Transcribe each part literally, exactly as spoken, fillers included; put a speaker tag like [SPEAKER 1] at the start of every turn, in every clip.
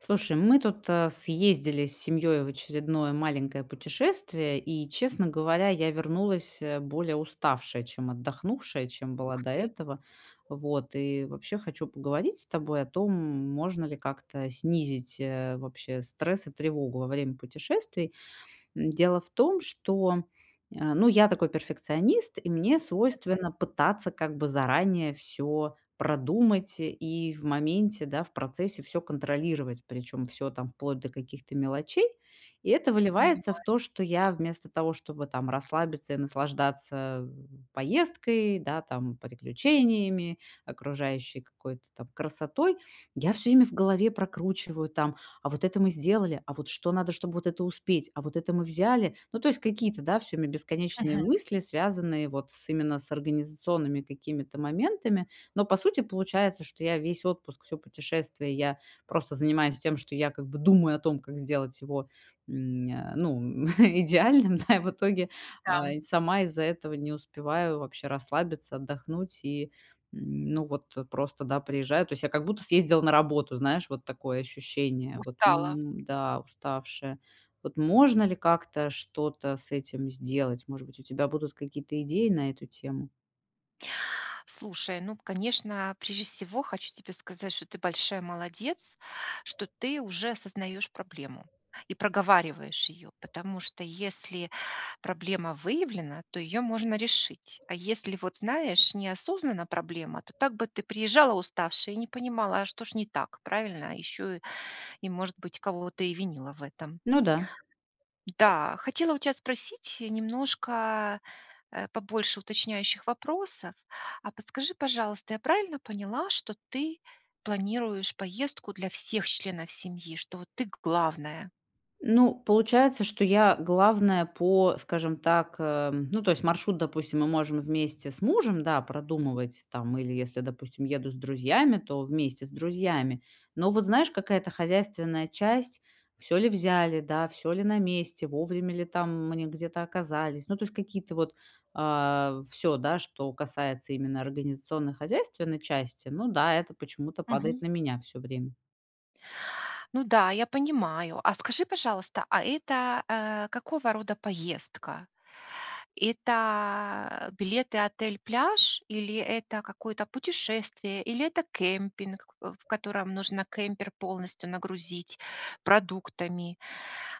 [SPEAKER 1] Слушай, мы тут, э, съездили с семьей в очередное маленькое путешествие, и, честно говоря, я вернулась, э, более уставшая, чем отдохнувшая, чем была
[SPEAKER 2] Ух
[SPEAKER 1] до
[SPEAKER 2] ты.
[SPEAKER 1] этого. Вот и вообще, хочу поговорить с тобой о том, можно ли как-то снизить, э, вообще стресс и тревогу во время путешествий? М, дело в том, что, э, ну я такой перфекционист, и мне
[SPEAKER 2] Мгм.
[SPEAKER 1] свойственно пытаться как бы заранее всё продумать и в моменте, да, в процессе всё контролировать, причем всё там вплоть до каких-то мелочей. И это выливается в
[SPEAKER 2] Понимаю.
[SPEAKER 1] то, что я, вместо того, чтобы там расслабиться и наслаждаться поездкой, да там, приключениями, окружающей какой-то там красотой, я всё время в голове прокручиваю там: "А вот это мы сделали? А вот что надо, чтобы вот это успеть? А вот это мы взяли?". Ну, то есть, какие-то, да, всё время бесконечные
[SPEAKER 2] Мгм.
[SPEAKER 1] мысли, связанные вот с именно с организационными какими-то моментами. Но по сути получается, что я весь отпуск, всё путешествие, я просто занимаюсь тем, что я как бы думаю о том, как сделать его, м, э, ну идеальным, да, и в итоге,
[SPEAKER 2] Да.
[SPEAKER 1] э, и сама из-за этого не успеваю вообще расслабиться, отдохнуть и ну вот просто, да, приезжаю То есть, я как будто съездила на работу. Знаешь, вот такое ощущение: "Вот,
[SPEAKER 2] Устала.
[SPEAKER 1] м, да, уставшая". Вот можно ли как-то, что-то с этим сделать? Может быть, у тебя будут какие-то идеи на эту тему?
[SPEAKER 2] Слушай, ну, конечно, прежде всего хочу тебе сказать, что ты большая молодец, что ты уже осознаешь проблему и проговариваешь её, потому что если проблема выявлена, то её можно решить, а если вот знаешь, не осознана проблема то так бы ты приезжала уставшая и не понимала, а что ж не так, правильно? Еще и может быть кого-то и винила в этом.
[SPEAKER 1] Ну да.
[SPEAKER 2] Да. Хотела у тебя спросить немножко, э, побольше уточняющих вопросов. А подскажи, пожалуйста, я правильно поняла, что ты планируешь поездку для всех членов семьи, что вот ты главная?
[SPEAKER 1] Ну, получается, что я главная по скажем так, э, ну то есть, маршрут, допустим, мы можем вместе с мужем, да, продумывать, там или если, допустим, еду с друзьями, то вместе с друзьями. Но вот знаешь, какая-то хозяйственная часть: всё ли взяли, да, всё ли на месте, вовремя ли там мы н где-то оказались. Ну то есть какие-то вот а, всё да, что касается именно организационно-хозяйственной части. Ну да, это почему-то падает
[SPEAKER 2] Мгм.
[SPEAKER 1] на меня всё время.
[SPEAKER 2] Ну да, я понимаю. А скажи, пожалуйста, а это, э, какого рода поездка? Это билеты-отель-пляж? Или это какое-то путешествие? Или это кемпинг, э, в котором нужно кемпер полностью нагрузить продуктами?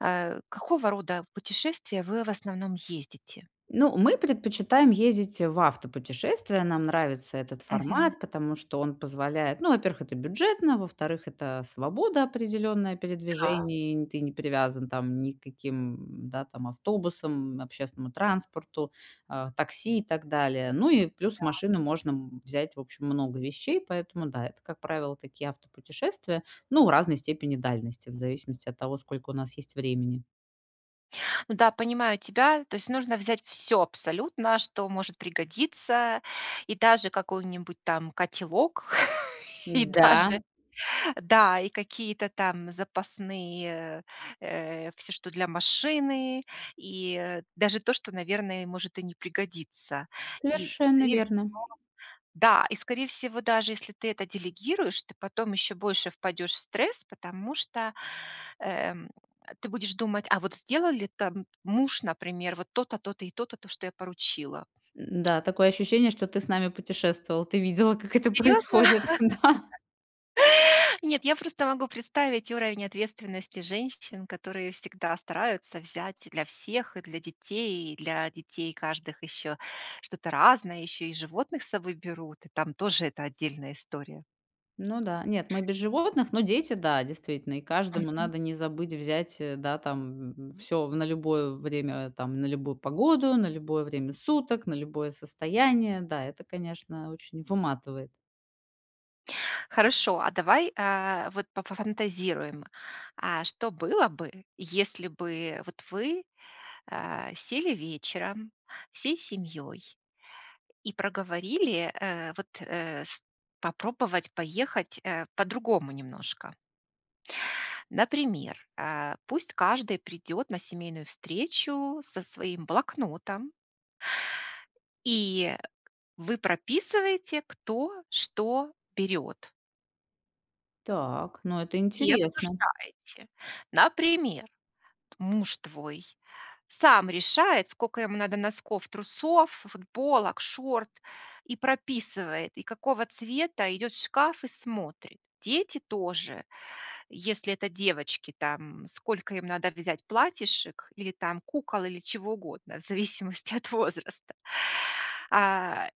[SPEAKER 2] Э, какого рода путешествия вы в основном ездите?
[SPEAKER 1] Ну, мы предпочитаем ездить, в автопутешествия. Нам нравится этот
[SPEAKER 2] Мгм.
[SPEAKER 1] формат, потому что он позволяет ну, во-первых, это бюджетно, во-вторых, это свобода определённая
[SPEAKER 2] Да.
[SPEAKER 1] передвижений н ты не привязан там ни к каким, да, там автобусам, общественному транспорту, э, такси и так далее. Ну и плюс
[SPEAKER 2] Да.
[SPEAKER 1] машины можно взять, в общем, много вещей, поэтому да, это, как правило, такие автопутешествия, но в разной степени дальности, в зависимости от того, сколько у нас есть времени.
[SPEAKER 2] Да, понимаю тебя. То есть нужно взять всё абсолютно, что может пригодиться. И даже какой-нибудь там котелок, и
[SPEAKER 1] Н-да.
[SPEAKER 2] даже, да, и какие-то там запасные э, всё, что для машины, и, э, даже то, что, наверное, может и не пригодиться. И
[SPEAKER 1] Совершенно
[SPEAKER 2] скорее всего
[SPEAKER 1] верно.
[SPEAKER 2] Да, и скорее всего, даже если ты это делегируешь, ты потом еще больше впадешь в стресс, потому что, эм, ты будешь думать: "А вот сделали там муж, например, вот то то, то то и то то, то, что я поручила?"
[SPEAKER 1] Н-да, такое ощущение, что ты с нами путешествовал. Ты видела, как это
[SPEAKER 2] Серьезно?
[SPEAKER 1] происходит, да.
[SPEAKER 2] Нет, я просто могу представить уровень ответственности женщин, которые всегда стараются взять для всех, и для детей и для детей каждых ещё что-то разное, ещё и животных с собой берут. И там тоже это отдельная история.
[SPEAKER 1] Ну да, нет, мы без животных, но дети, да, действительно, и каждому
[SPEAKER 2] Мгм.
[SPEAKER 1] надо не забыть взять, э, да, там, м, всё на любое время, там, на любую погоду, на любое время суток, на любое состояние. Да, это, конечно, очень выматывает.
[SPEAKER 2] Хорошо, а давай, а, вот пофа фантазируем. А что было бы, если бы вот вы, а, сели вечером всей семьей и проговорили, э, вот, э, с попробовать поехать, э, по-другому немножко? Например, а, пусть каждый придет на семейную встречу со своим блокнотом и вы прописываете кто что берёт.
[SPEAKER 1] Так, ну это
[SPEAKER 2] И
[SPEAKER 1] интересно.
[SPEAKER 2] обсуждаете. Например, муж твой сам решает, скока ему надо носков, трусов, ф футболок, шорт, и прописывает, и какого цвета, идет в шкаф и смотрит. Дети тоже. Если это девочки там, сколько им надо взять платьишек или там кукол, или чего угодно в зависимости от возраста, а.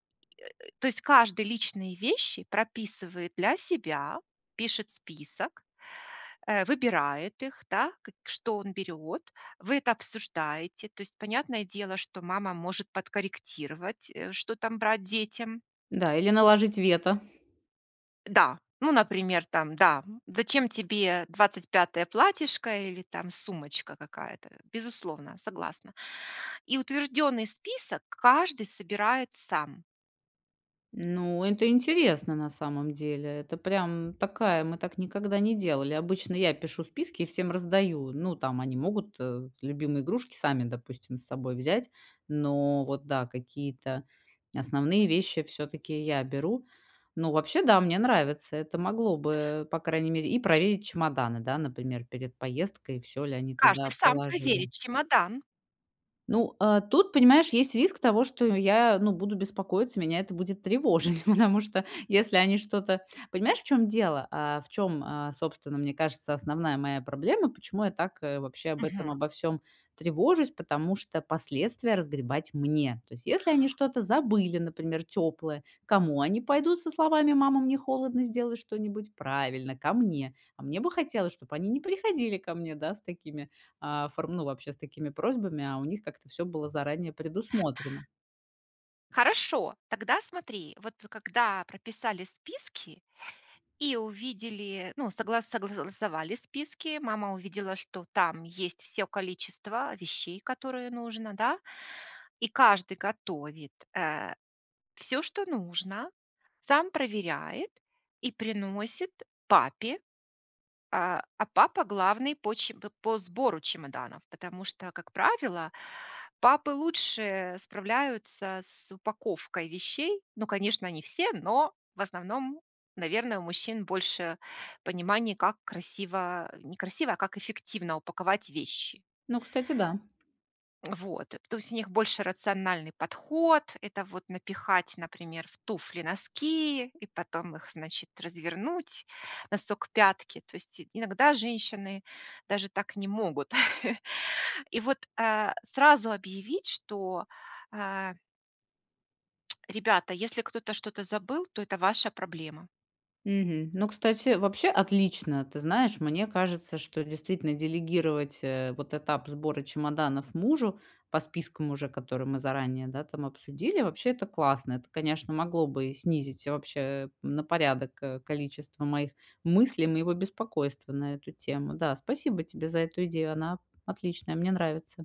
[SPEAKER 2] То есть каждый личные вещи прописывает для себя, пишет список, э, выбирает их, да, к что он берёт. Вы это обсуждаете. То есть, понятное дело, что мама может подкорректировать, э, что там брать детям.
[SPEAKER 1] Да, или наложить вето.
[SPEAKER 2] Да, ну, например, там, да, зачем тебе двадцать пятое платьишко или там сумочка какая-то? Безусловно, согласна. И утвержденный список каждый собирает сам.
[SPEAKER 1] Ну, это интересно, на самом деле. Это прям такая мы так никогда не делали. Обычно я пишу списки и всем раздаю. Ну, там они могут, э, любимые игрушки сами, допустим, с собой взять, но вот, да, какие-то основные вещи всё-таки я беру. Ну, вообще, да, мне нравится. Это могло бы, по крайней мере и проверить чемоданы, да, например, перед поездкой, всё ли они
[SPEAKER 2] Каждый
[SPEAKER 1] туда
[SPEAKER 2] сам проверит
[SPEAKER 1] положили.
[SPEAKER 2] чемодан.
[SPEAKER 1] Ну, а тут, понимаешь, есть риск того, что я, ну, буду беспокоиться, меня это будет тревожить, потому что если они что-то Понимаешь, в чём дело, а, в чём, а, собственно, мне кажется, основная моя проблема, почему я так, э, вообще об этом
[SPEAKER 2] Мгм.
[SPEAKER 1] обо всём тревожусь? Потому что последствия разгребать мне. То есть, если они что-то забыли, например, тёплое, к кому они пойдут со словами: "Мама, мне холодно, сделай что-нибудь." Правильно, ко мне. А мне бы хотелось, чтобы они не приходили ко мне, да, с такими, а форм ну, вообще, с такими просьбами, а у них как-то всё было заранее предусмотрено.
[SPEAKER 2] Хорошо. Тогда, смотри, вот вы когда прописали списки и увидели, ну, согла согласовали списки, мама увидела, что там есть всё количество вещей, которое нужно, да. И каждый готовит, э, всё, что нужно, сам проверяет и приносит папе. А, а папа главный по чем п по сбору чемоданов. Потому что, как правило, папы лучше справляются с упаковкой вещей. Ну, конечно, не все, но, в основном, наверно, у мужчин больше понимания, как красиво не красиво, а как эффективно упаковать вещи.
[SPEAKER 1] Ну, кстати, да.
[SPEAKER 2] Вот. То есть у них больше рациональный подход. Это вот напихать, например, в туфли носки и потом их, значит, развернуть носок к пятке. То есть иногда женщины даже так не могут. И вот, а, сразу объявить, что а Ребята, если кто-то что-то забыл, то это ваша проблема.
[SPEAKER 1] Мгм. Ну, кстати, вообще отлично. Ты знаешь, мне кажется, что, действительно, делегировать, э, вот этап сбора чемоданов мужу по спискам уже, которые мы заранее, да, там, обсудили. Вообще, это классно. Это, конечно, могло бы снизить, вообще, на порядок, э, количество моих мыслей, моего беспокойства на эту тему. Да, спасибо тебе за эту идею. Она отличная, мне нравится.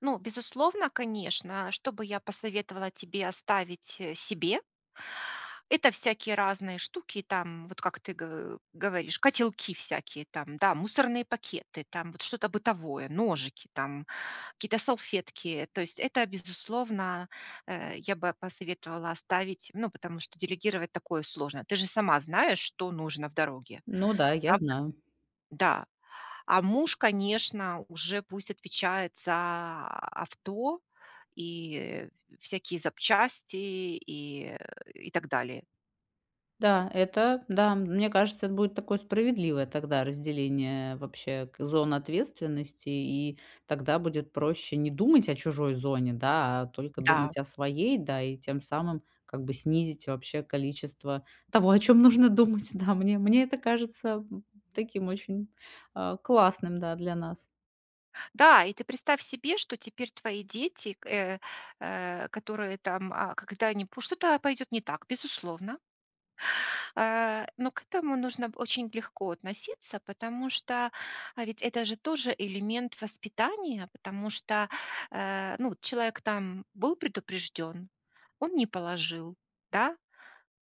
[SPEAKER 2] Ну, безусловно, конечно, что бы я посоветовала тебе оставить, э, себе это всякие разные штуки, там, вот как ты г говоришь, котелки всякие, там, да, мусорные пакеты, там, вот что-то бытовое, ножики, там, какие-то салфетки. То есть, это безусловно, э, я бы посоветовала оставить, ну, потому что делегировать такое сложно. Ты же сама знаешь, что нужно в дороге.
[SPEAKER 1] Ну да, я
[SPEAKER 2] Правда?
[SPEAKER 1] знаю.
[SPEAKER 2] Да. А муж, конечно, уже пусть отвечает за авто и, э, всякие запчасти, и, э, и так далее.
[SPEAKER 1] Да, это да, мне кажется, это будет такое справедливое тогда разделение вообще к зон ответственности, и тогда будет проще не думать о чужой зоне, да, а только
[SPEAKER 2] Да.
[SPEAKER 1] думать о своей, да, и тем самым, как бы, снизить вообще количество того, о чём нужно думать, да. Мне мне это кажется, м, м, таким очень, э, классным, да, для нас.
[SPEAKER 2] Да, и ты представь себе, что теперь твои дети, к э, э, которые там, а, когда они пу что-то пойдет не так, безусловно. Э, но к этому нужно очень легко относиться, потому что, ведь, это же тоже элемент воспитания, потому что, э, ну, человек, там, был предупрежден, он не положил, да,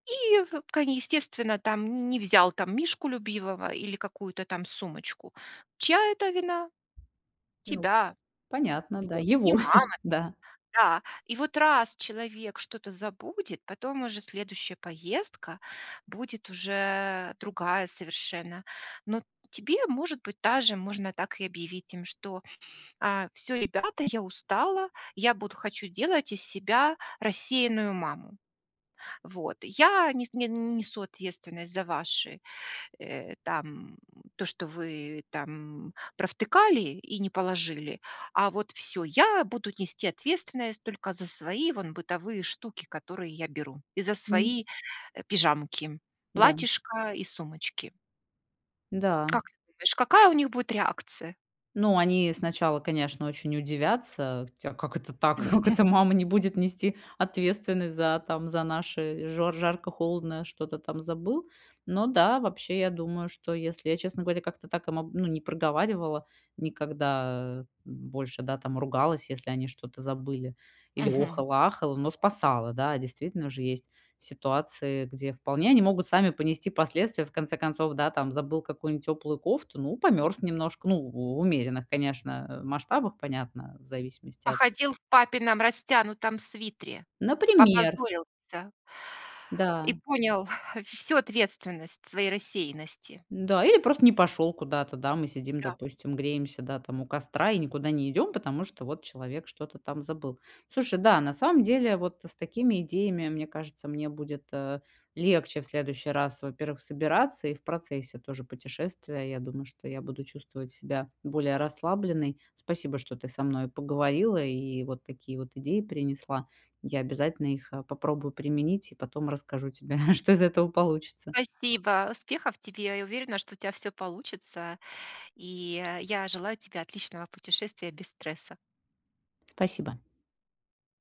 [SPEAKER 2] и, вкани естественно, там, не не взял, там, мишку любимого или какую-то, там, сумочку. Чья это вина?
[SPEAKER 1] Ну.
[SPEAKER 2] Тебя.
[SPEAKER 1] Понятно, да,
[SPEAKER 2] Вот. И
[SPEAKER 1] его.
[SPEAKER 2] мама.
[SPEAKER 1] Да.
[SPEAKER 2] Да. И вот раз человек что-то забудет, потом уже следующая поездка будет уже другая совершенно. Но т тебе может быть даже можно так и объявить им, что, э, всё, ребята, я устала, я буду хочу делать из себя рассеянную маму. Вот, я нес не н несу ответственность за ваши, э, там, м, то, что вы там провтыкали и не положили, а вот всё. Я буду нести ответственность только за свои, вон, бытовые штуки, которые я беру, и за
[SPEAKER 1] Мгм.
[SPEAKER 2] свои, э, пижамки,
[SPEAKER 1] Да.
[SPEAKER 2] платьишко и сумочки. Как
[SPEAKER 1] Да.
[SPEAKER 2] ты думаешь, какая у них будет реакция?
[SPEAKER 1] Ну, они сначала, конечно, очень удивятся: "Тя, а как это так? Как
[SPEAKER 2] Мгм.
[SPEAKER 1] это мама не будет нести ответственность за, там, за наши жор жарко-холодно, что-то там забыл?". Но да, вообще, я думаю, что если я, честно говоря, как-то так, ам, ну, не проговаривала никогда, м, больше, да, там, ругалась, если они что-то забыли, или
[SPEAKER 2] Мгм.
[SPEAKER 1] охала, ахала, но спасала. Да, действительно, же есть ситуации, где вполне они могут сами понести последствия. В конце концов, да, там, забыл какую-нибудь теплую кофту, ну, померз немножко, ну, в умеренных, конечно, масштабах, понятно, в зависимости от
[SPEAKER 2] Походил в папином растянутом свитере.
[SPEAKER 1] Например.
[SPEAKER 2] Попозорился.
[SPEAKER 1] Да.
[SPEAKER 2] И понял всю ответственность своей рассеянности.
[SPEAKER 1] Да или просто не пошёл куда-то, да. Мы сидим,
[SPEAKER 2] Да.
[SPEAKER 1] допустим, греемся, да, там, у костра и никуда не идём, потому что вот человек что-то там забыл. Слушай, да, на самом деле вот с такими идеями, мне кажется, мне будет, э, легче в следующий раз, во-первых, собираться и в процессе тоже путешествия. Я думаю, что я буду чувствовать себя более расслабленной. Спасибо, что ты со мной поговорила и вот такие вот идеи принесла. Я обязательно их, э, попробую применить и потом расскажу тебе, что из этого получится.
[SPEAKER 2] Спасибо. Успехов тебе. Я уверена, что у тебя всё получится и, э, я желаю тебе отличного путешествия без стресса.
[SPEAKER 1] Спасибо.